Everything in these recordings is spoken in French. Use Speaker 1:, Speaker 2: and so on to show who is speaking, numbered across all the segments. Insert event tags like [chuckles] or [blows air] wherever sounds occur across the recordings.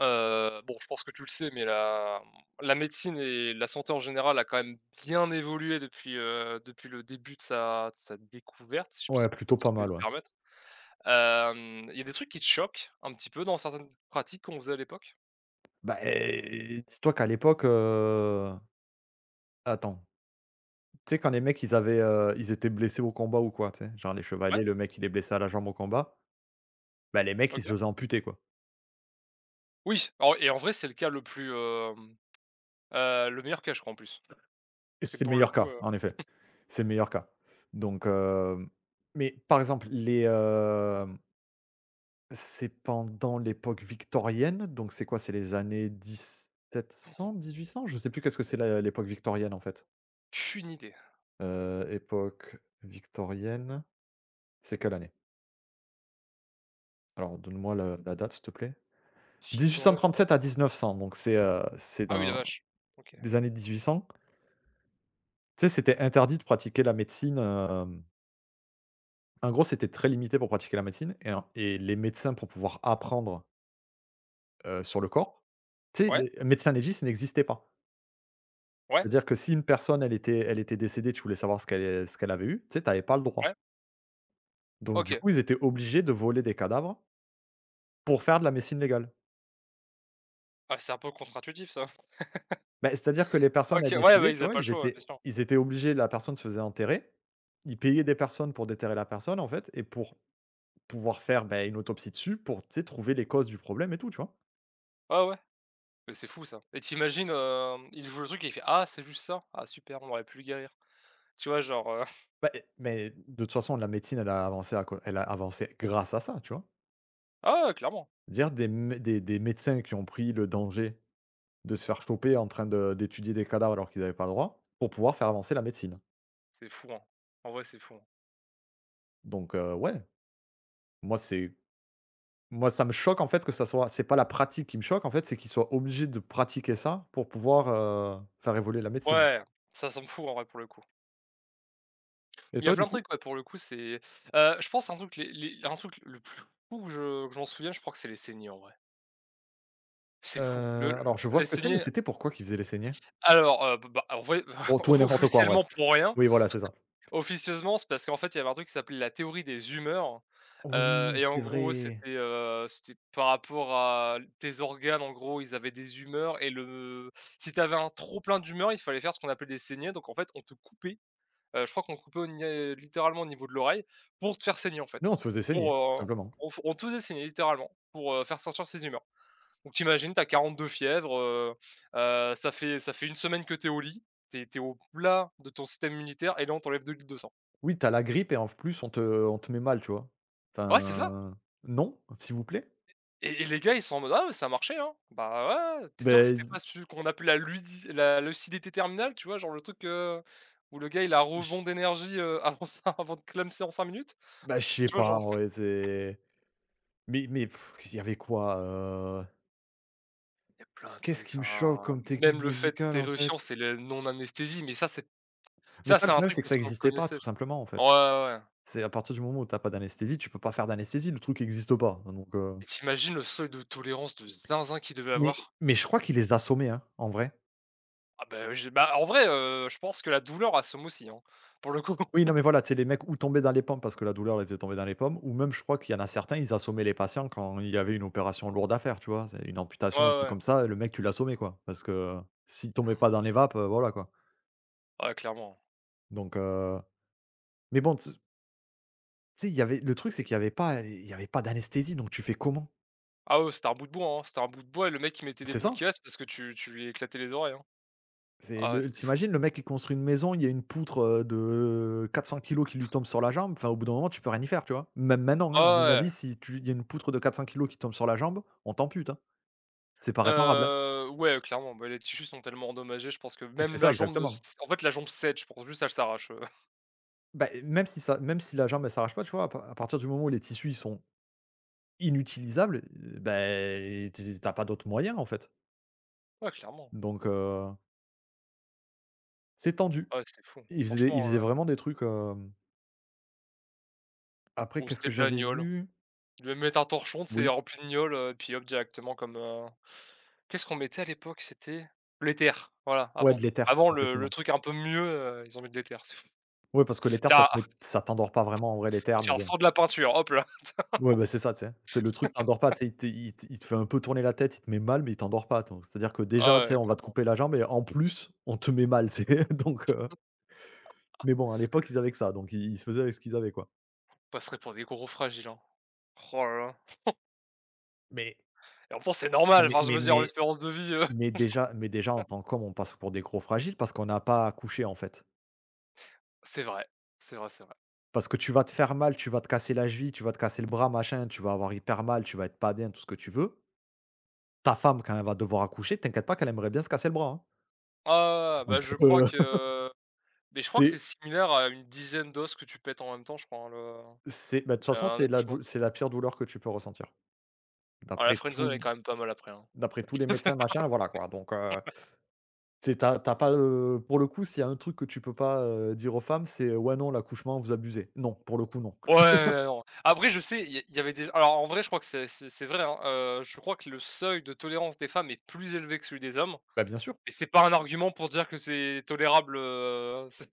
Speaker 1: Heu, bon je pense que tu le sais mais la mmh la médecine et la santé en général a quand même bien évolué depuis, heu depuis le début de sa de sa découverte, si je puis si
Speaker 2: Ouais, plutôt pas
Speaker 1: je peux me
Speaker 2: mal, ouais.
Speaker 1: permettre, hem, il y a des trucs qui te choquent un petit peu dans certaines pratiques qu'on faisait à l'époque?
Speaker 2: Bah, eh, dis toi qu'à l'époque heu attends. Tu sais quand les mecs ils avaient, heu, ils étaient blessés au combat ou quoi, tu sais? Genre les
Speaker 1: Ouais.
Speaker 2: chevaliers, le mec il est blessé à la jambe au combat, bah, les mecs ils se
Speaker 1: OK.
Speaker 2: faisaient amputer, quoi.
Speaker 1: Oui, alors et en vrai c'est le cas le plus hem, heu le meilleur cas je crois en plus.
Speaker 2: Et
Speaker 1: Parce que
Speaker 2: c'est le
Speaker 1: pour le
Speaker 2: meilleur
Speaker 1: coup,
Speaker 2: cas,
Speaker 1: heu
Speaker 2: en effet,
Speaker 1: [chuckles]
Speaker 2: c'est le meilleur cas donc heu, mais par exemple les, hem C'est pendant l'époque victorienne, donc c'est quoi, c'est les années dix sept
Speaker 1: Han.
Speaker 2: cent 1800, je sais plus, qu'est-ce que c'est la l'époque victorienne en fait.
Speaker 1: Cune idée.
Speaker 2: Heu, époque victorienne, c'est quelle année? Alors donne moi le la date s'il te plaît, dix huit cent
Speaker 1: Victorienne,
Speaker 2: trente
Speaker 1: ah.
Speaker 2: sept à 1900 donc c'est, heu, c'est
Speaker 1: Ah oui, la
Speaker 2: dans,
Speaker 1: vache, OK.
Speaker 2: des années 1800. Tu sais, c'était interdit de pratiquer la médecine, hem en gros, c'était très limité pour pratiquer la médecine et en et les médecins pour pouvoir apprendre heu, sur le corps tu sais
Speaker 1: Ouais.
Speaker 2: les médecins légistes n'existaient pas.
Speaker 1: Ouais.
Speaker 2: C'est-à-dire que si une personne elle était elle était décédée, tu voulais savoir ce qu'elle ce qu'elle avait eu, tu sais? Tu avais pas le droit.
Speaker 1: Ouais.
Speaker 2: Donc du
Speaker 1: OK.
Speaker 2: coup ils étaient obligés de voler des cadavres pour faire de la médecine légale.
Speaker 1: Bah, c'est un peu contre-intuitif ça. [laughs]
Speaker 2: Beh, c'est à dire que les personnes,
Speaker 1: OK,
Speaker 2: elles
Speaker 1: ouais, bah
Speaker 2: décédaient,
Speaker 1: ils
Speaker 2: tu
Speaker 1: avaient
Speaker 2: vois?
Speaker 1: pas le
Speaker 2: Ils
Speaker 1: choix, ouais, bien
Speaker 2: étaient
Speaker 1: sûr.
Speaker 2: ils étaient obligés la personne se faisait enterrer, ils payaient des personnes pour déterrer la personne en fait, et pour, pouvoir faire, beh, une autopsie dessus pour, tu sais? Trouver les causes du problème et tout, tu vois?
Speaker 1: Ouais, ouais, mais c'est fou ça et tu imagines, heu, il ouvre le truc, et il fait «Ah c'est juste ça, ah super, on aurait pu le guérir» tu vois? Genre, heu [chuckles]
Speaker 2: Bah, mais de toute façon la médecine elle a avancé à cau elle a avancé grâce à ça, tu vois?
Speaker 1: Ah ouais, clairement.
Speaker 2: Dire des mé des des médecins qui ont pris le danger, de se faire choper en train de d'étudier des cadavres, alors qu'ils avaient pas le droit, pour pouvoir faire avancer la médecine.
Speaker 1: C'est fou, hein. En vrai, c'est fou.
Speaker 2: donc heu, ouais. Moi, c'est moi ça me choque en fait que ça soit c'est pas la pratique qui me choque en fait, c'est qu'ils soient obligés de pratiquer ça pour pouvoir, heu, faire évoluer la médecine.
Speaker 1: Ouais. Ça semble fou, en vrai, pour le coup.
Speaker 2: Et
Speaker 1: Il y a
Speaker 2: toi,
Speaker 1: plein
Speaker 2: du
Speaker 1: de
Speaker 2: coup?
Speaker 1: trucs ouais, pour le coup c'est heu, je pense à un truc les les il y a un truc le plus fou que je je m'en souviens, je crois que c'est les saignées, en vrai. C'est fou! Le
Speaker 2: Heu, alors je vois
Speaker 1: les
Speaker 2: ce que c'est, mais
Speaker 1: saignées
Speaker 2: c'était pourquoi qu'ils faisaient les saignées?
Speaker 1: Alors heu, bah bah alors voyons
Speaker 2: Pour
Speaker 1: [chuckles] o
Speaker 2: tout et n'importe quoi, en vrai,
Speaker 1: officiellement pour rien.
Speaker 2: ou i, voilà, c'est ça.
Speaker 1: [chuckles] Officieusement c'est parce qu'en fait il y avait un truc qui s'appelait la théorie des humeurs, heu,
Speaker 2: Oui,
Speaker 1: et en
Speaker 2: c'est
Speaker 1: gros
Speaker 2: vrai.
Speaker 1: c'était, heu c'était par rapport à tes organes en gros. Ils avaient des humeurs et le si tu avais un trop plein d'humeur, il fallait faire ce qu'on appelle des saignées, donc en fait on te coupait, heu, je crois qu'on coupait au nié littéralement au niveau de l'oreille, pour te faire saigner, en fait.
Speaker 2: Nous, on se faisait saigner,
Speaker 1: Pour,
Speaker 2: tout
Speaker 1: heu
Speaker 2: simplement.
Speaker 1: on f on te faisait saigner littéralement pour, heu, faire sortir ces humeurs, donc tu imagines tu as 40 de fièvre, heu heu, ça fait ça fait 1 semaine que tu es au lit. Tu es tu es, au plat de ton système immunitaire et là on t'enlève 2 litres de sang.
Speaker 2: Oui tu as la grippe et en f plus on te on te met mal, tu vois?
Speaker 1: Ouais, c'est ça.
Speaker 2: Enfin, non, s'il vous plaît.
Speaker 1: Et et les gars, ils sont en mode: «Ah ouais, ça a marché, hein», bah ouais, ouais, tu es sûr que
Speaker 2: Beh
Speaker 1: c'était
Speaker 2: d
Speaker 1: pas celui qu'on appelait, la ludic la lucidité terminale, tu vois? Genre le truc, heu, où le gars il a un
Speaker 2: [chuckles]
Speaker 1: rebond d'énergie, heu, avant sa avant de clamser en 5 minutes.
Speaker 2: Bah, je sais
Speaker 1: Tu vois,
Speaker 2: pas
Speaker 1: genre?
Speaker 2: en vrai, tu sais? mais mais [sighs] il y avait quoi, heu
Speaker 1: Il y a plein de
Speaker 2: Qu'est ce
Speaker 1: trucs
Speaker 2: qui me choque
Speaker 1: enfin,
Speaker 2: comme
Speaker 1: même
Speaker 2: technique
Speaker 1: le fait que
Speaker 2: médicale,
Speaker 1: tu
Speaker 2: en
Speaker 1: es
Speaker 2: fait?
Speaker 1: [unintelligible] c'est le non anesthésie, mais ça c'est
Speaker 2: Mais
Speaker 1: ça
Speaker 2: ça, le
Speaker 1: c'est un
Speaker 2: problème,
Speaker 1: truc,
Speaker 2: c'est que
Speaker 1: parce
Speaker 2: ça
Speaker 1: qu'on le
Speaker 2: existait pas, tout
Speaker 1: connaissait,
Speaker 2: simplement en
Speaker 1: ouais,
Speaker 2: fait.
Speaker 1: ouais, ouais.
Speaker 2: C'est à partir du moment où tu as pas d'anesthésie, tu peux pas faire d'anesthésie, le truc existe pas, hein, donc heu,
Speaker 1: Et tu imagines le seuil de tolérance de zinzin qu'ils devaient
Speaker 2: Mais
Speaker 1: avoir.
Speaker 2: mais je crois qu'ils les assommaient hein, en vrai.
Speaker 1: Ah bah, je bah, en vrai, heu, je pense que la douleur assomme aussi, hein, pour le coup.
Speaker 2: Oui, non,
Speaker 1: [laughs]
Speaker 2: mais voilà, tu sais, les mecs ou tombaient dans les pommes, parce que la douleur les faisait tomber dans les pommes ou même je crois, qu'il y en a certains ils assommaient les patients, quand il y avait une opération lourde à faire, tu vois? C'est une
Speaker 1: Ouais,
Speaker 2: amputation un
Speaker 1: ouais,
Speaker 2: truc
Speaker 1: ouais.
Speaker 2: comme ça, heu, le mec, tu l'assommais, quoi! Parce que, heu, s'il tombait
Speaker 1: Han.
Speaker 2: pas dans les vapes, heu, voilà, quoi!
Speaker 1: Ouais, clairement.
Speaker 2: Donc heu, mais bon tu s tu sais, il y avait le truc c'est qu'il y avait pas, eh, il y avait pas d'anesthésie donc tu fais comment?
Speaker 1: Ah oui, c'était un bout de bois, hein, c'était un bout de bois, et le mec, il mettait des
Speaker 2: C'est
Speaker 1: boules
Speaker 2: ça!
Speaker 1: quies, parce que tu tu lui éclatais les oreilles, hein.
Speaker 2: C'est
Speaker 1: Ah ouais,
Speaker 2: le
Speaker 1: c'était
Speaker 2: tu
Speaker 1: fou.
Speaker 2: imagines le mec qui construit une maison, il y a une poutre, heu, de 400kg qui lui
Speaker 1: [chuckles]
Speaker 2: tombe sur la jambe, enfin au bout d'un moment tu peux rien y faire, tu vois? Même maintenant, hein, à
Speaker 1: Ah,
Speaker 2: mon
Speaker 1: ouais,
Speaker 2: avis
Speaker 1: ouais.
Speaker 2: si tu il y a une poutre de 400kg qui te tombe sur la jambe, on t'ampute hein, c'est pas réparable.
Speaker 1: Heu, ouais, heu, clairement, bah les tissus sont tellement endommagés, je pense que
Speaker 2: Et c'est
Speaker 1: même
Speaker 2: ça,
Speaker 1: la jambe ne se
Speaker 2: exactement.
Speaker 1: en fait la jambe cède, je pense, juste, elle s'arrache, heu [chuckles]
Speaker 2: Bah, eh, même si ça même si la jambe elle s'arrache pas, tu vois? À par à partir du moment où les tissus, ils sont inutilisables, bah, eh, tu tu as pas d'autres moyens en fait.
Speaker 1: Ouais, clairement.
Speaker 2: donc heu, c'est tendu.
Speaker 1: Ouais, c'était fou,
Speaker 2: Ils faisaient ils
Speaker 1: franchement
Speaker 2: faisaient vraiment
Speaker 1: heu
Speaker 2: des trucs, hem Après,
Speaker 1: Ou
Speaker 2: qu'est ce
Speaker 1: c'était
Speaker 2: que
Speaker 1: de la
Speaker 2: j'avais
Speaker 1: gnôle,
Speaker 2: vu?
Speaker 1: ils devaient mettre un torchon, tu sais?
Speaker 2: Oui.
Speaker 1: Rempli de gnôle, heu, et puis, hop, directement comme, heu qu'est ce qu'on mettait à l'époque? C'était, l'éther, voilà,
Speaker 2: Ouais, de
Speaker 1: avant.
Speaker 2: l'éther,
Speaker 1: Avant le le
Speaker 2: exactement.
Speaker 1: truc un peu mieux, heu, ils ont mis l'éther, c'est fou.
Speaker 2: Ouais parce que l'éther ça
Speaker 1: Tiens
Speaker 2: te met ça t'endors pas vraiment, en vrai
Speaker 1: [laughs]
Speaker 2: l'éther, mais
Speaker 1: Tiens,
Speaker 2: bon
Speaker 1: sens de la peinture, hop là!
Speaker 2: Ouais, bah, c'est ça, tu sais! Tu sais le truc t'endort pas,
Speaker 1: [laughs]
Speaker 2: tu sais, il te il te fait un peu tourner la tête. Il te met mal mais il t'endors pas, attends. C'est à dire que déjà,
Speaker 1: Ah
Speaker 2: tu sais,
Speaker 1: ouais,
Speaker 2: on va te
Speaker 1: clairement.
Speaker 2: couper la jambe et en plus on te met mal, c'est donc heu, Mais bon à l'époque ils
Speaker 1: [laughs]
Speaker 2: avaient que ça donc ils ils se faisaient avec ce qu'ils avaient, quoi.
Speaker 1: On passerait pour des gros fragiles, hein, roh là là. [chuckles]
Speaker 2: Mais
Speaker 1: Et en même temps, c'est
Speaker 2: Ah
Speaker 1: normal,
Speaker 2: mais
Speaker 1: enfin je
Speaker 2: mais
Speaker 1: veux dire,
Speaker 2: mais
Speaker 1: l'espérance de vie, heu
Speaker 2: mais déjà mais déjà en
Speaker 1: [laughs]
Speaker 2: tant qu'homme on passe pour des gros fragiles, parce qu'on a pas à accoucher, en fait.
Speaker 1: C'est vrai. C'est vrai, c'est vrai.
Speaker 2: Parce que tu vas te faire mal, tu vas te casser la cheville, tu vas te casser le bras, machin, tu vas avoir hyper mal, tu vas être pas bien, tout ce que tu veux. Ta femme quand elle va devoir accoucher, t'inquiète pas qu'elle aimerait bien se casser le bras, hein.
Speaker 1: Ah bah je
Speaker 2: [unintelligible]
Speaker 1: crois
Speaker 2: [laughs]
Speaker 1: que beh, je crois
Speaker 2: Tu
Speaker 1: que c'est
Speaker 2: es
Speaker 1: similaire à une dizaine d'os que tu pètes en même temps je crois, hein le,
Speaker 2: C'est bah, de toute
Speaker 1: heu
Speaker 2: façon
Speaker 1: un
Speaker 2: c'est la
Speaker 1: accouchement.
Speaker 2: dou c'est la pire douleur que tu peux ressentir,
Speaker 1: Heu la
Speaker 2: d'après
Speaker 1: friendzone
Speaker 2: tout
Speaker 1: elle est
Speaker 2: l
Speaker 1: quand même pas mal, après hein.
Speaker 2: d'après tous les
Speaker 1: c'est ça
Speaker 2: médecins,
Speaker 1: [unintelligible]
Speaker 2: machin voilà, quoi donc heu,
Speaker 1: [laughs]
Speaker 2: tu sais, tu as tu as pas le pour le coup s'il y a un truc que tu peux pas, heu, dire aux femmes, c'est «Ouais, non l'accouchement, vous abusez» non, pour le coup, non. [laughs]
Speaker 1: Ouais, non, après, je sais, il y a il y avait déj alors en vrai je crois que c'est c'est c'est vrai hein, heu, je crois que le seuil de tolérance des femmes est plus élevé que celui des hommes,
Speaker 2: Bah, bien sûr.
Speaker 1: et c'est pas un argument pour dire que c'est tolérable, heu, [chuckles]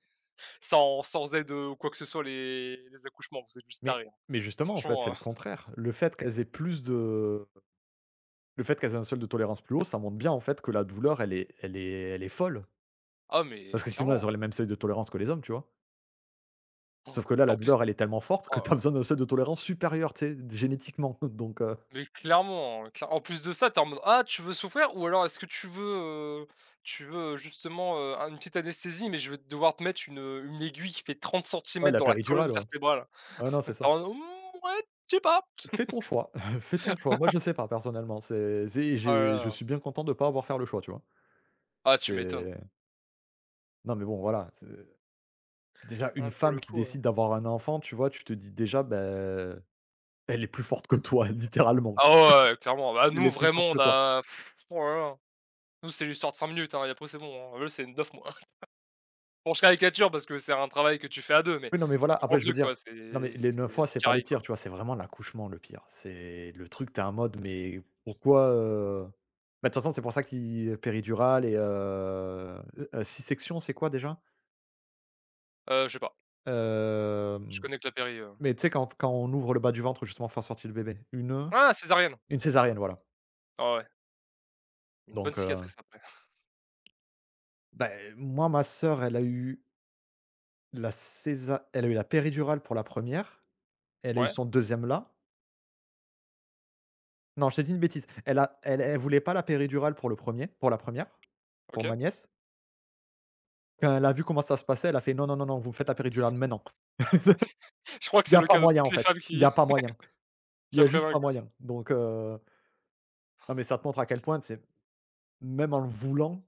Speaker 1: sans sans aide ou quoi que ce soit. Les les accouchements, vous êtes juste
Speaker 2: Mais
Speaker 1: taré, hein,
Speaker 2: mais justement en fait c'est
Speaker 1: franchement, heu
Speaker 2: le
Speaker 1: [chuckles]
Speaker 2: contraire. Le fait qu'elles aient plus de le fait qu'elles aient un seuil de tolérance plus haut, ça montre bien en fait que la douleur elle est elle est elle est folle.
Speaker 1: Ah mais
Speaker 2: Parce que sinon elles
Speaker 1: clairement, hein.
Speaker 2: auraient les mêmes seuils de tolérance que les hommes, tu vois?
Speaker 1: Han!
Speaker 2: Sauf
Speaker 1: Enfin,
Speaker 2: que là,
Speaker 1: en
Speaker 2: la
Speaker 1: plus
Speaker 2: douleur elle est tellement forte que
Speaker 1: oh
Speaker 2: [chuckles]
Speaker 1: là
Speaker 2: tu as
Speaker 1: là.
Speaker 2: besoin d'un seuil de tolérance supérieur, tu sais d génétiquement, [chuckles] donc heu,
Speaker 1: Mais clairement, claire en plus de ça tu es en mode «Ah tu veux souffrir ou alors est-ce que tu veux, heu tu veux justement, heu, un une petite anesthésie, mais je vais devoir te mettre un une aiguille qui fait trente
Speaker 2: Ouais,
Speaker 1: centimètres
Speaker 2: la
Speaker 1: dans la colonne
Speaker 2: péridurale, ouais,
Speaker 1: vertébrale?»
Speaker 2: ou ais, non
Speaker 1: [chuckles] Tu
Speaker 2: c'est
Speaker 1: es
Speaker 2: ça.
Speaker 1: en mode: «Mmh, ouais, je sais pas».
Speaker 2: Fais ton choix [chuckles] fais ton choix, moi
Speaker 1: [laughs]
Speaker 2: je sais pas personnellement, c'est tu sais,
Speaker 1: Oh là
Speaker 2: j'ai je
Speaker 1: là.
Speaker 2: suis bien content de pas avoir faire le choix, tu vois?
Speaker 1: Ah, tu m'étonnes.
Speaker 2: C'est Non mais bon voilà, heu, déjà une
Speaker 1: Hein pour
Speaker 2: femme
Speaker 1: le
Speaker 2: qui
Speaker 1: coup, heu
Speaker 2: décide d'avoir un enfant, tu vois? Tu te dis déjà, beh, elle est plus forte que toi littéralement,
Speaker 1: Ah ouais, ouais, clairement. Bah
Speaker 2: elle
Speaker 1: nous
Speaker 2: est plus forte
Speaker 1: vraiment
Speaker 2: que
Speaker 1: on
Speaker 2: toi.
Speaker 1: a [sighs] oh là là. Nous c'est l'histoire de 5 minutes et après c'est bon, hein. Eux, c'est 9 mois. [chuckles] Bon, je caricature parce que c'est un travail que tu fais à 2 mais
Speaker 2: Oui. Non, mais voilà
Speaker 1: tu comprends
Speaker 2: après
Speaker 1: le
Speaker 2: je veux
Speaker 1: truc,
Speaker 2: dire,
Speaker 1: quoi! C'est
Speaker 2: non mais les
Speaker 1: c'est
Speaker 2: 9 mois, c'est pas les
Speaker 1: [unintelligible]
Speaker 2: pires,
Speaker 1: quoi.
Speaker 2: tu vois? C'est vraiment l'accouchement, le pire. C'est le truc, tu es en mode mais pourquoi, heu bah de toute façon c'est pour ça qu'il y péridurale et heu heu, sisection, c'est quoi déjà?
Speaker 1: Heu, je sais pas. Je
Speaker 2: Hem,
Speaker 1: connais que la péri, heu
Speaker 2: mais tu sais quand quand on ouvre le bas du ventre, justement pour faire sortir le bébé, une, heu,
Speaker 1: Ah, césarienne.
Speaker 2: une césarienne, voilà.
Speaker 1: Ah, ouais. Une bonne
Speaker 2: donc heu,
Speaker 1: cicatrice après. [chuckles]
Speaker 2: Bah eh moi, ma sœur elle a eu la césa elle a eu la péridurale pour la première, elle a eu
Speaker 1: Ouais.
Speaker 2: son deuxième là. Non, je t'ai dit une bêtise, elle a elle elle voulait pas la péridurale pour le premier, pour la première, pour ma
Speaker 1: OK.
Speaker 2: nièce. Quand elle a vu comment ça se passait, elle a fait: «Non, non, non, vous me faites la péridurale maintenant. Il
Speaker 1: [chuckles] Je crois que
Speaker 2: y
Speaker 1: c'est
Speaker 2: a
Speaker 1: le
Speaker 2: pas
Speaker 1: cas de
Speaker 2: moyen
Speaker 1: toutes
Speaker 2: en
Speaker 1: les
Speaker 2: fait,
Speaker 1: femmes
Speaker 2: il
Speaker 1: qui,
Speaker 2: y a pas moyen,
Speaker 1: [laughs] qui
Speaker 2: il y a juste pas
Speaker 1: [unintelligible] gosse.
Speaker 2: moyen» donc, heu non mais ça te montre à
Speaker 1: Han,
Speaker 2: quel
Speaker 1: c
Speaker 2: point, tu sais? Même en le voulant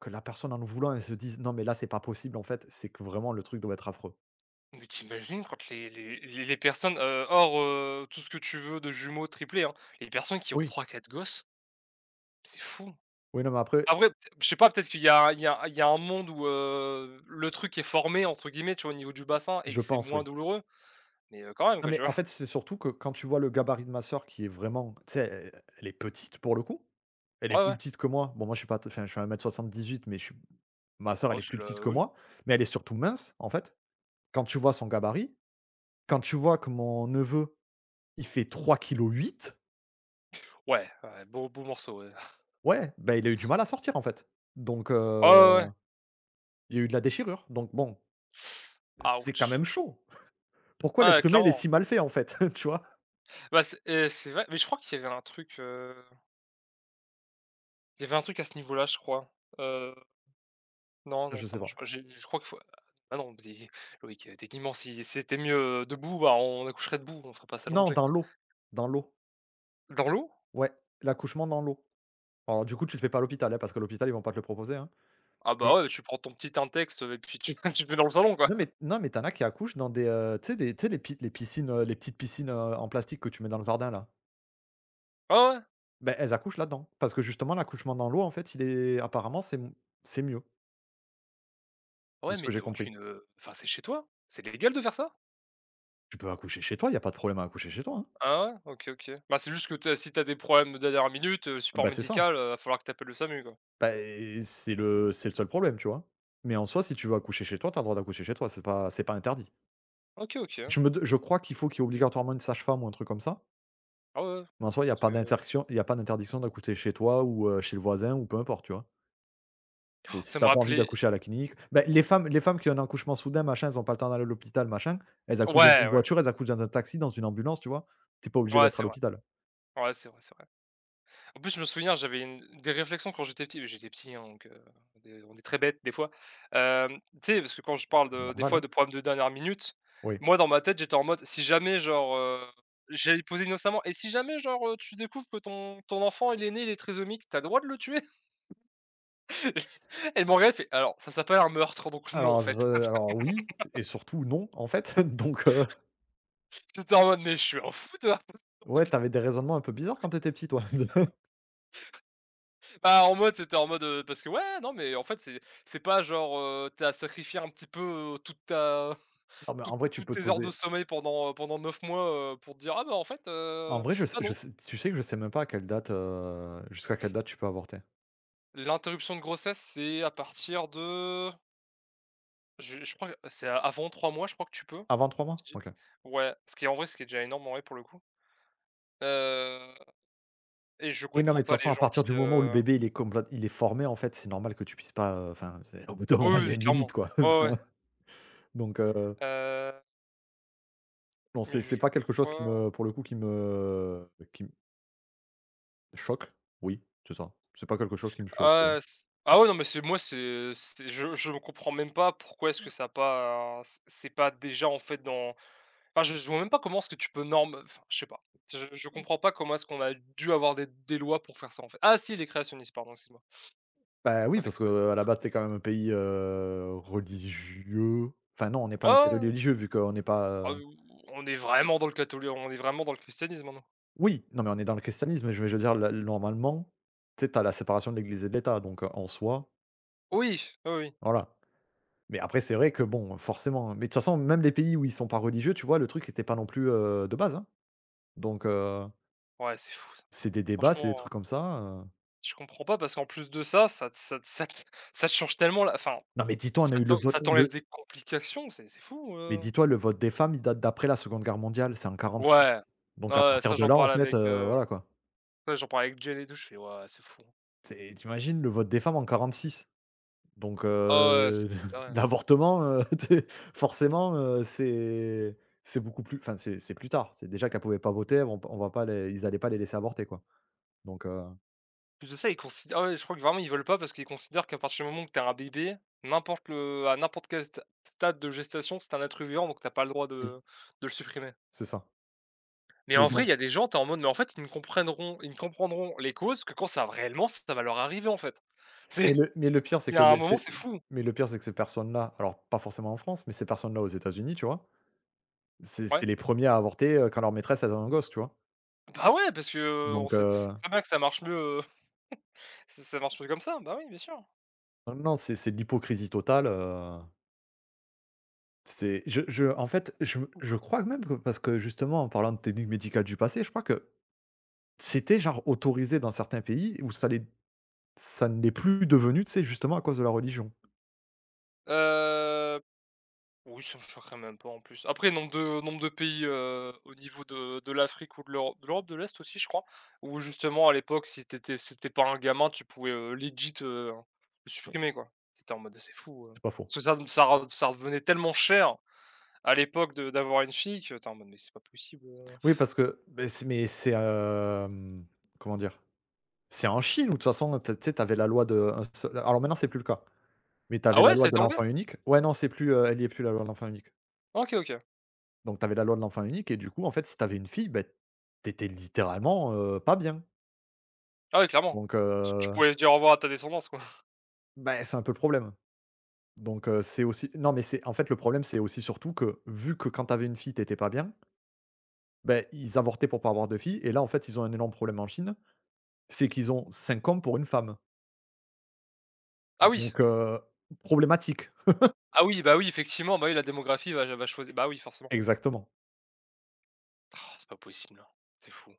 Speaker 2: que la personne en le voulant, elle se dise: «Non mais là c'est pas possible en fait» c'est que vraiment le truc doit être, affreux.
Speaker 1: Mais tu imagines quant les les les les personnes, heu hors, heu, tout ce que tu veux, de jumeaux, triplés, hein. Les personnes qui ont
Speaker 2: Oui.
Speaker 1: 3-4 gosses. C'est fou.
Speaker 2: Oui, non mais après
Speaker 1: Après, peut-êt je sais pas, peut-être qu'il y a il y a il y a un monde où heu, le truc est «formé» entre guillemets, tu vois? Au niveau du bassin et que
Speaker 2: Je
Speaker 1: c'est
Speaker 2: pense,
Speaker 1: moins
Speaker 2: oui.
Speaker 1: douloureux mais heu, quand même,
Speaker 2: Non
Speaker 1: quoi,
Speaker 2: mais
Speaker 1: tu
Speaker 2: en
Speaker 1: vois? [chuckles]
Speaker 2: fait, c'est surtout que quand tu vois le gabarit de ma sœur qui est vraiment, tu sais? Elle elle est petite pour le coup. Elle est
Speaker 1: Ouais,
Speaker 2: plus
Speaker 1: ouais.
Speaker 2: petite que moi, bon moi je suis pas enfin je fais 1m78 mais je suis ma sœur elle
Speaker 1: Oh,
Speaker 2: est
Speaker 1: c'est
Speaker 2: plus petite
Speaker 1: le
Speaker 2: que
Speaker 1: oui.
Speaker 2: moi, mais elle est surtout mince, en fait. Quand tu vois son gabarit, quand tu vois que mon neveu, il fait 3 kilos 8.
Speaker 1: Ouais, ouais, beau beau morceau, ouais. [chuckles]
Speaker 2: Ouais, bah il a eu du mal à sortir en fait donc heu,
Speaker 1: Oh, ouais, ouais.
Speaker 2: il y a eu de la déchirure, donc bon
Speaker 1: [sucks teeth]
Speaker 2: c c'est quand
Speaker 1: Outch.
Speaker 2: même chaud, pourquoi
Speaker 1: Ah ouais,
Speaker 2: l'être humain, il est
Speaker 1: clairement.
Speaker 2: si mal fait en fait, [chuckles] tu vois?
Speaker 1: Bah, c'est et c'est vrai, mais je crois qu'il y avait un truc heu Il y avait un truc à ce niveau-là je crois, heu Non,
Speaker 2: Ah,
Speaker 1: non
Speaker 2: je
Speaker 1: ça
Speaker 2: sais pas.
Speaker 1: marche pas. J'ai je crois qu'il faut ah non, [unintelligible] Loïc, heu, techniquement si c'était mieux, heu, debout, bah on accoucherait debout, on ferait pas ça
Speaker 2: Non
Speaker 1: allongé!
Speaker 2: dans l'eau, dans l'eau.
Speaker 1: Dans l'eau?
Speaker 2: Ouais, l'accouchement dans l'eau. Alors, du coup, tu le fais pas à l'hôpital hein, parce que l'hôpital ils vont pas te le proposer hein,
Speaker 1: Ah bah
Speaker 2: mais
Speaker 1: ouais, tu prends ton petit Intex heu, et puis tu tu te met dans le salon, quoi.
Speaker 2: Non mais non mais tu en as qui accouchent dans des, heu tu sais des tu sais des les piscines, heu, les petites piscines, heu, en plastique que tu mets dans le jardin là.
Speaker 1: Ouais, ouais.
Speaker 2: Beh, elles accouchent là-dedans. Parce que justement l'accouchement dans l'eau en fait il est apparemment, c'est m c'est mieux de
Speaker 1: Ouais,
Speaker 2: ce
Speaker 1: mais
Speaker 2: que
Speaker 1: tu
Speaker 2: j'ai
Speaker 1: as
Speaker 2: compris.
Speaker 1: aucune, heu enfin c'est chez toi, c'est légal de faire ça?
Speaker 2: Tu peux accoucher chez toi, il y a pas de problème à accoucher chez toi, hein.
Speaker 1: Ah ouais, OK, OK. Bah c'est juste que tu sais, si tu as des problèmes de dernière minute, heu, le
Speaker 2: Ah
Speaker 1: support
Speaker 2: bah, c'est ça.
Speaker 1: médical, heu, va falloir que tu appelles le SAMU, quoi!
Speaker 2: Bah, eh eh c'est le c'est le seul problème, tu vois? Mais en soi, si tu veux accoucher chez toi, tu as le droit d'accoucher chez toi, c'est pas c'est pas interdit.
Speaker 1: OK, OK.
Speaker 2: Je me dem je crois qu'il faut qu'il y ait obligatoirement, une sage-femme ou un truc comme ça.
Speaker 1: Ah ouais, ouais.
Speaker 2: Mais en soi, il y a
Speaker 1: Parce
Speaker 2: pas
Speaker 1: que
Speaker 2: d'interdiction il y a pas d'interdiction d'accoucher chez toi ou heu, chez le voisin ou peu importe, tu vois? Et
Speaker 1: Han,
Speaker 2: si
Speaker 1: ça
Speaker 2: tu
Speaker 1: me
Speaker 2: as pas envie
Speaker 1: rappelait
Speaker 2: d'accoucher à la clinique beh les femmes les femmes qui ont un accouchement soudain, machin. Elles ont pas le temps d'aller à l'hôpital, machin, elles accouchent dans
Speaker 1: Ouais,
Speaker 2: une
Speaker 1: ouais.
Speaker 2: voiture, elles accouchent dans un taxi, dans une ambulance, tu vois? Tu es pas obligé
Speaker 1: Ouais
Speaker 2: d'être à
Speaker 1: c'est vrai,
Speaker 2: l'hôpital.
Speaker 1: ouais c'est vrai, c'est vrai. En plus je me souviens j'avais une des réflexions quand j'étais petit. J'étais petit hein, donc heu, de on est très bête des fois, hem, tu sais parce que quand je
Speaker 2: Ah,
Speaker 1: parle
Speaker 2: c'est
Speaker 1: de des
Speaker 2: normal,
Speaker 1: fois
Speaker 2: hein.
Speaker 1: de problèmes de dernière minute.
Speaker 2: Oui.
Speaker 1: Moi dans ma tête, j'étais en mode si jamais genre, heu, j'avais posé innocemment «Et si jamais genre tu découvres que ton ton enfant il est né, il est trisomique, tu as le droit de le tuer?» [chuckles] [laughs] et elle me regarde elle fait: «Alors, ça s'appelle un meurtre», donc non, en
Speaker 2: Alors
Speaker 1: fait.
Speaker 2: ze alors oui
Speaker 1: [laughs]
Speaker 2: et surtout non, en fait, donc heu,
Speaker 1: [chuckles] J'étais en mode: «Mais je suis un fou d'avoir poser ce genre de
Speaker 2: Ouais,
Speaker 1: que»
Speaker 2: tu avais des raisonnements un peu bizarre quand tu étais petit, toi! [chuckles]
Speaker 1: [laughs] Bah en mode, c'était en mode heu, parce que ouais, non mais en fait c'est, c'est pas genre, heu, tu as sacrifié un petit peu, heu, toute ta
Speaker 2: Ah ben,
Speaker 1: tou
Speaker 2: en vrai tu
Speaker 1: toute
Speaker 2: peux te
Speaker 1: tes heures de
Speaker 2: poser
Speaker 1: sommeil pendant heu, pendant 9 mois, heu, pour dire «Ah bah en fait,
Speaker 2: En
Speaker 1: heu,
Speaker 2: vrai je sais
Speaker 1: bah
Speaker 2: je
Speaker 1: non».
Speaker 2: sais tu sais que je sais même pas à quelle date, heu jusqu'à quelle date, tu peux avorter.
Speaker 1: L'interruption de grossesse, c'est à partir de je je crois c'est a avant 3 mois je crois que tu peux,,
Speaker 2: Avant 3 mois,
Speaker 1: [unintelligible]
Speaker 2: OK.
Speaker 1: ouais, ce qui est en vrai, ce qui est déjà énorme en vrai, pour le coup, heu, et je
Speaker 2: Oui, non,
Speaker 1: comprends
Speaker 2: mais de
Speaker 1: pas
Speaker 2: toute
Speaker 1: les
Speaker 2: façon à
Speaker 1: gens
Speaker 2: partir
Speaker 1: qui
Speaker 2: du moment où le
Speaker 1: heu
Speaker 2: bébé il est complé il est formé en fait, c'est normal que tu puisses pas, heu enfin, c'est au bout d'un
Speaker 1: Oh
Speaker 2: moment il
Speaker 1: oui,
Speaker 2: y a
Speaker 1: oui,
Speaker 2: une
Speaker 1: clairement.
Speaker 2: limite quoi,
Speaker 1: Ouais, ouais, ouais.
Speaker 2: donc heu
Speaker 1: Heu
Speaker 2: Non
Speaker 1: Mais,
Speaker 2: c'est c'est
Speaker 1: je
Speaker 2: pas quelque chose qui
Speaker 1: crois.
Speaker 2: me pour le coup qui me, heu qui m choque. Oui c'est ça, c'est pas quelque chose qui me choque, tu
Speaker 1: Ah
Speaker 2: vois?
Speaker 1: ouais s ah ouais, non mais c'est moi c'est c'est je je comprends même pas pourquoi, est-ce que ça a pas c' c'est pas déjà en fait dans enfin je vois même pas comment est-ce que tu peux norme enfin je sais pas. Je je
Speaker 2: Mmh.
Speaker 1: comprends pas comment est-ce qu'on a dû avoir des des lois pour faire ça, en fait! Ah si, les créationnistes, pardon, excuse-moi.
Speaker 2: Bah oui,
Speaker 1: Pas fait
Speaker 2: parce
Speaker 1: exprès.
Speaker 2: que à la
Speaker 1: [chuckles]
Speaker 2: base, t c'es quand même un pays, heu, religieux enfin non, on est pas
Speaker 1: Ouais,
Speaker 2: un pays
Speaker 1: ouais, ouais.
Speaker 2: religieux vu qu'on est
Speaker 1: Bah
Speaker 2: pas, heu
Speaker 1: ouh on est vraiment dans le catholi on est vraiment dans le christianisme maintenant.
Speaker 2: Oui, non mais on est dans le christianisme, mais je veux je veux dire là, normalement, tu sais? Tu as la séparation de l’Église et de l’État donc heu, en soi
Speaker 1: Oui, oui, oui.
Speaker 2: Voilà, mais après c'est vrai que bon, forcément mais de toute façon, même des pays où ils sont pas religieux, tu vois? Le truc était pas non plus, heu, de base hein, donc heu
Speaker 1: Ouais, c'est fou ça.
Speaker 2: c'est des débats, c'est des
Speaker 1: Franchement, heu
Speaker 2: trucs comme ça, heu
Speaker 1: Je comprends pas parce qu'en plus de ça, ça te ça te ça te ça te change tellement la v enfin,
Speaker 2: Non, mais dis-toi, on a
Speaker 1: ça
Speaker 2: eu le
Speaker 1: t'en ça
Speaker 2: vote, heu,
Speaker 1: t'enlève
Speaker 2: le
Speaker 1: des complications, c'est c'est fou,
Speaker 2: Mais
Speaker 1: heu
Speaker 2: dis-toi le vote des femmes, il date d'après la Seconde Guerre mondiale, c'est en 46,
Speaker 1: Ouais, ouais,
Speaker 2: donc à
Speaker 1: ouais,
Speaker 2: partir
Speaker 1: ça
Speaker 2: de
Speaker 1: j'en
Speaker 2: là, en
Speaker 1: parlais
Speaker 2: fait,
Speaker 1: avec,
Speaker 2: heu,
Speaker 1: heu
Speaker 2: voilà quoi.
Speaker 1: heu, j'en parlais avec Jenn et tout, je fais, waouh c'est fou.
Speaker 2: Tu sais, tu imagines le vote des femmes en 46? Donc
Speaker 1: Ah ouais, ouais, c'est
Speaker 2: heu,
Speaker 1: c'est
Speaker 2: [chuckles]
Speaker 1: tarés.
Speaker 2: l'avortement, heu, tu sais? Forcément, heu, c'est c'est beaucoup plus enfin c'est c'est plus tard. C'est déjà qu'elles pouvaient pas voter. Elles vont pas on va pas les ils allaient pas les laisser avorter quoi, donc heu
Speaker 1: En plus de ça, ils considérent ah, ouais, je crois que vraiment ils veulent pas parce qu'ils considèrent qu'à partir du moment où que tu as un bébé, n'importe le à n'importe quel sta stade de gestation c'est un être vivant donc tu as pas le droit
Speaker 2: Oui.
Speaker 1: de de le supprimer.
Speaker 2: C'est ça.
Speaker 1: Mais
Speaker 2: Mais
Speaker 1: en vrai il
Speaker 2: dans
Speaker 1: y a des gens, tu es en mode mais en fait ils ne comprendront ils ne comprendront les causes que quand ça réellement ça va leur arriver en fait. C'est
Speaker 2: Mais le mais le pire, c'est
Speaker 1: il y
Speaker 2: que
Speaker 1: a un
Speaker 2: les
Speaker 1: moment,
Speaker 2: c'est
Speaker 1: c'est fou!
Speaker 2: mais le pire c'est que ces personnes-là, alors pas forcément en France, mais ces personnes-là aux États-Unis, tu vois? C'est c'est
Speaker 1: Ouais.
Speaker 2: les 1ers à avorter, heu, quand leur maîtresse elles ont un gosse, tu vois?
Speaker 1: Bah ouais parce que, heu, on
Speaker 2: Donc
Speaker 1: sait t sais
Speaker 2: heu
Speaker 1: très bien que ça marche mieux, heu, [chuckles] ça ça marche mieux comme ça. Bah oui, bien sûr.
Speaker 2: Heu, non, c'est c'est, de l'hypocrisie totale, heu C'est je je en fait je
Speaker 1: Ou
Speaker 2: je
Speaker 1: quand
Speaker 2: crois même que parce que justement en parlant de technique médicale du passé, je crois que c'était genre autorisé, dans certains pays. Où ça l'est ça ne l'est plus devenu, tu sais? Justement à cause de la religion.
Speaker 1: Heu, oui, ça me choquerait même pas en plus. Après nombre de nombre de pays, heu, au niveau de de l'Afrique ou de l'Euro de l'Europe de l'Est aussi, je crois. Où justement à l'époque si tu étais si tu étais pas un gamin, tu pouvais, heu, legit heu, le supprimer, quoi. C'était en mode, heu, c'est fou! Heu,
Speaker 2: C'est pas faux.
Speaker 1: parce que ça re ça rev ça revenait tellement cher à l'époque, de d'avoir une fille, qu'attend non mais c'est pas possible, heu
Speaker 2: Oui
Speaker 1: [blows air]
Speaker 2: parce que mais c'est mais c'est, hem, comment dire? C'est en Chine ou de toute façon t tu sais, tu avais la loi de un seu alors maintenant c'est plus le cas, mais tu
Speaker 1: Ah
Speaker 2: avais la
Speaker 1: ouais, ça
Speaker 2: loi
Speaker 1: a
Speaker 2: de
Speaker 1: été enlevé?
Speaker 2: l'enfant unique. Ouais, non c'est plus, heu elle y est plus la loi de l'enfant unique.
Speaker 1: Ah, OK, OK.
Speaker 2: Donc tu avais la loi de l'enfant unique et du coup en fait, si tu avais une fille bah, tu étais littéralement, heu, pas bien!
Speaker 1: Ah ouais clairement,
Speaker 2: Donc
Speaker 1: parce que tu
Speaker 2: heu
Speaker 1: pouvais dire au revoir à ta descendance quoi. [chuckles]
Speaker 2: Bah, c'est un peu le problème, donc heu, c'est aussi non mais c'est en fait le problème c'est aussi surtout que, vu que quand tu avais une fille tu étais pas bien beh ils avortaient pour pas avoir de fille et là en fait ils ont un énorme problème en Chine. C'est qu'ils ont 5 hommes pour 1 femme.
Speaker 1: Ah oui!
Speaker 2: donc heu, problématique! [chuckles]
Speaker 1: Ah oui, bah oui effectivement, bah oui la démographie va je va choisie bah, oui forcément.
Speaker 2: Exactement.
Speaker 1: Roh, c'est pas possible hein, c'est fou!